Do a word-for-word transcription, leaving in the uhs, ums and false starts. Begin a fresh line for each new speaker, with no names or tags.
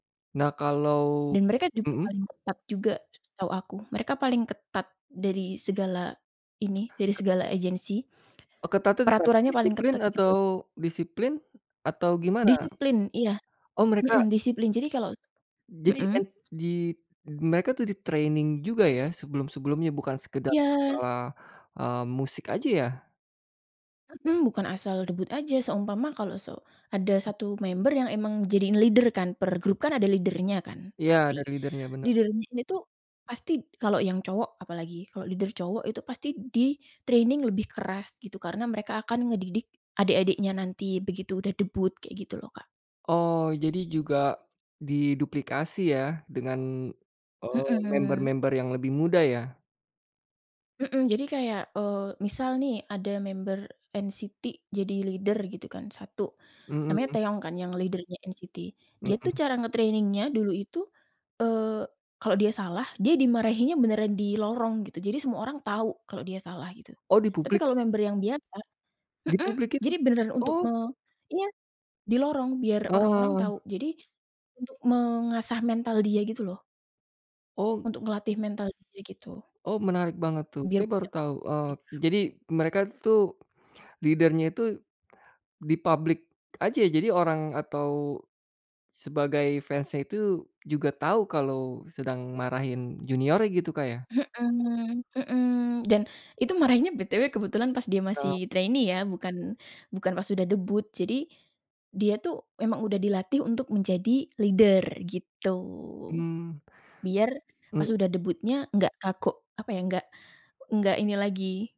Nah kalau,
Dan mereka juga
mhm.
paling ketat juga setahu aku, mereka paling ketat dari segala ini, dari segala agency,
Oh ketatnya gimana?
peraturannya paling
Disiplin
ketat
atau
gitu loh.
disiplin, atau gimana?
Disiplin, iya,
Oh mereka
mhm, disiplin jadi kalau,
Jadi, e
mhm.
di mereka tuh di training juga ya, sebelum-sebelumnya? Bukan sekedar
Iya.
masalah, eee, musik aja ya?
Mhm, bukan asal debut aja, seumpama kalau se ada satu member yang emang di jadiin leader kan, per grup kan ada leader-nya kan
Iya,
pasti.
dari leader-nya bener.
Leader-nya itu pasti kalau yang cowok apalagi kalau leader cowok itu pasti di training lebih keras gitu karena mereka akan ngedidik adek-adeknya nanti begitu udah debut, kayak gitu loh Kak.
Oh, jadi juga, diduplikasi ya dengan, eee,
Mhm.
member-member yang lebih muda ya?
Mhm, jadi kayak, eee, misal nih ada member en-ci-ti jadi leader gitu kan satu, namanya
Mhm.
Taeyong kan yang leader-nya en-ci-ti, dia tuh
Mhm.
cara nge-training-nya dulu itu, eee, kalau dia salah, dia dimarahinya beneran di lorong gitu, jadi semua orang tahu kalau dia salah gitu.
Oh, di
Tapi
publik?
kalau member yang biasa,
Di
mhm,
publik itu?
jadi beneran untuk me
Oh.
iya, di lorong biar orang-orang
Heeh.
tahu jadi, untuk mengasah mental dia gitu loh.
Oh.
Untuk ngelatih mental dia gitu.
Oh, menarik banget tuh
Biar.
saya baru tahu, eee,
[unintelligible]
jadi mereka tuh leader-nya itu, di publik aja jadi orang atau, sebagai fans-nya itu juga tahu kalau sedang marahin juniornya gitu Kak ya?
Mhm mhm, dan itu marahnya be-te-we kebetulan pas dia
Kalau
masih trainee ya, bukan bukan pas udah debut jadi, dia tuh emang udah dilatih untuk menjadi leader gitu,
Mmm.
biar, pas
Mhm.
udah debutnya nggak kaku apa ya enggak, enggak ini lagi.